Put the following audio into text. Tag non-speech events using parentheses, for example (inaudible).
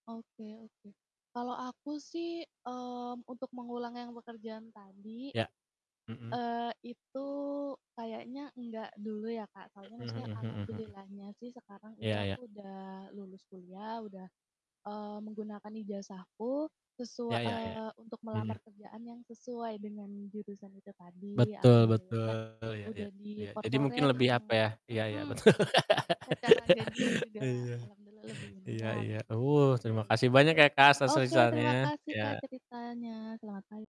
Oke oke. Kalau aku sih, mmm, untuk mengulang yang pekerjaan tadi, Ya. Mhm. eee, itu kayaknya enggak dulu ya, Kak. Soalnya Mhm maksudnya mhm mhm mhm. alhamdulillahnya sih sekarang itu Ya ya. aku udah lulus kuliah, udah, eee, menggunakan ijazahku sesua Ya ya ya. eee, untuk Mhm. melamar kerjaan yang sesuai dengan jurusan itu tadi. Betul Alhamdulillahnya betul. Ya ya, udah di ya. Jadi mungkin corporate lebih apa yang ya iya iya mhm, betul. secara gaji (laughs) juga Iya. alhamdulillah lebih Iya umayan, iya. lebih Uh, oke terima gitu. kasih banyak ya, Kak, atas Oke terima ceritanya. kasih, Kak, Ya. ceritanya. Selamat pag